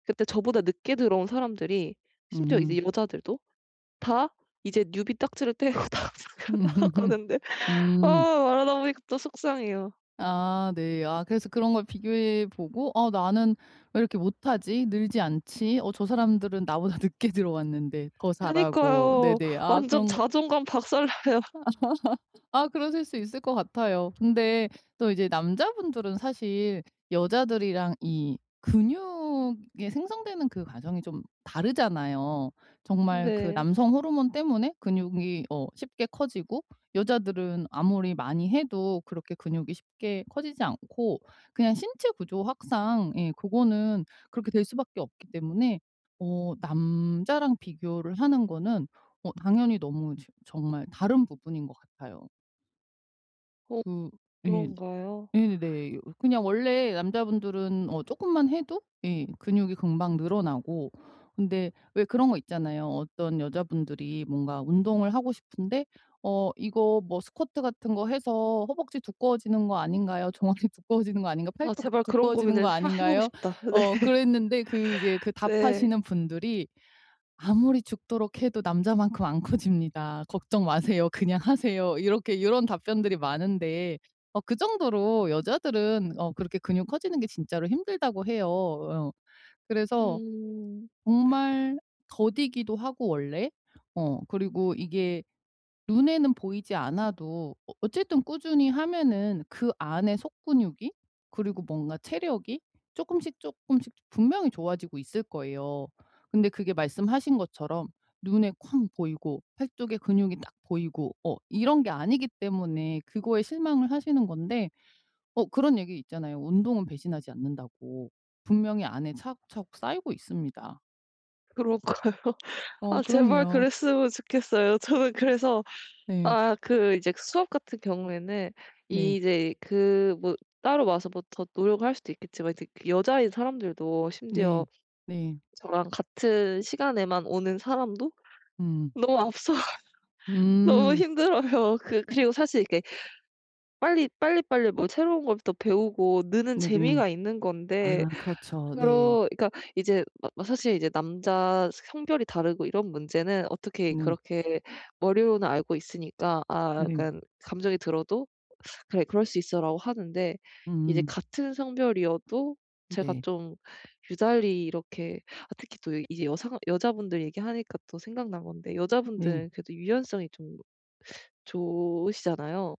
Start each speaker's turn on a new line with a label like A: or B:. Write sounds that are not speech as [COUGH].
A: 그때 저보다 늦게 들어온 사람들이 심지어 이제
B: 음.
A: 여자들도 다 이제 뉴비 딱지를 떼고 다 다
B: [LAUGHS]
A: 나아가는데 아
B: 음.
A: 말하다 보니까 또 속상해요.
B: 아 네. 아 그래서 그런 걸 비교해 보고 '아 나는 왜 이렇게 못하지 늘지 않지? 어 저 사람들은 나보다 늦게 들어왔는데 더 잘하고'
A: 그니까요.
B: 네네 아
A: 완전
B: 그런 거
A: 자존감 박살나요.
B: [LAUGHS] 아 그러실 수 있을 것 같아요. 근데 또 이제 남자분들은 사실 여자들이랑 이 근육이 생성되는 그 과정이 좀 다르잖아요. 정말 그
A: 네.
B: 남성 호르몬 때문에 근육이 어 쉽게 커지고 여자들은 아무리 많이 해도 그렇게 근육이 쉽게 커지지 않고 그냥 신체 구조학상 예 그거는 그렇게 될 수밖에 없기 때문에 어 남자랑 비교를 하는 거는 어 당연히 너무 지 정말 다른 부분인 것 같아요.
A: 어
B: 그 예
A: 그런가요?
B: 예네 그냥 원래 남자분들은 어 쪼끔만 해도 예 근육이 금방 늘어나고 근데 왜 그런 거 있잖아요. 어떤 여자분들이 뭔가 운동을 하고 싶은데 "어 이거 뭐 스쿼트 같은 거 해서 허벅지 두꺼워지는 거 아닌가요? 종아리 두꺼워지는 거 아닌가?
A: 아
B: 팔뚝
A: 제발 그런
B: 두꺼워지는
A: 고민을
B: 거
A: 아 해 보고
B: 아닌가요?"
A: 싶다. 네.
B: 어 그랬는데 그 이제 그
A: 네.
B: 답하시는 분들이 "아무리 죽도록 해도 남자만큼 안 커집니다. 걱정 마세요. 그냥 하세요." 이렇게 요런 답변들이 많은데 어 그 정도로 여자들은 어 그렇게 근육 커지는 게 진짜로 힘들다고 해요 어. 그래서
A: 음.
B: 정말 더디기도 하고 원래 어 그리고 이게 눈에는 보이지 않아도 어 어쨌든 꾸준히 하면은 그 안에 속 근육이 그리고 뭔가 체력이 쪼끔씩 쪼끔씩 분명히 좋아지고 있을 거예요. 근데 그게 말씀하신 것처럼 눈에 쾅 보이고 팔뚝에 근육이 딱 보이고 어 이런 게 아니기 때문에 그거에 실망을 하시는 건데 어 그런 얘기 있잖아요. 운동은 배신하지 않는다고. 분명히 안에 차곡차곡 쌓이고 있습니다.
A: 그럴까요?
B: 어
A: 아 제발
B: 그럼요.
A: 그랬으면 좋겠어요. 저는 그래서
B: 네.
A: 아 그 이제 수업 같은 경우에는
B: 네.
A: 이제 그 뭐 따로 와서 뭐 더 노력을 할 수도 있겠지만 이제 그 여자인 사람들도
B: 네.
A: 심지어
B: 네.
A: 저랑 같은 시간에만 오는 사람도
B: 음.
A: 너무 앞서가서 너무
B: 음.
A: 힘들어요. 그 그리고 사실 이렇게 빨리 빨리빨리 뭐 새로운 걸 또 배우고 느는
B: 네네.
A: 재미가 있는 건데
B: 아 그렇죠. 네.
A: 그러니까 이제 마 막 사실 인제 남자 성별이 다르고 이런 문제는 어떻게
B: 네.
A: 그렇게 머리로는 알고 있으니까 아
B: 네.
A: 약간 감정이 들어도 [SUCKS TEETH] '그래 그럴 수 있어.'라고 하는데 이제
B: 음.
A: 같은 성별이어도 제가
B: 네.
A: 좀 유달리 이렇게 아 특히 또 이 이제 여성 여자분들 얘기하니까 또 생각난 건데
B: 음 네.
A: 여자분들은 그래도 유연성이 좀 좋으시잖아요.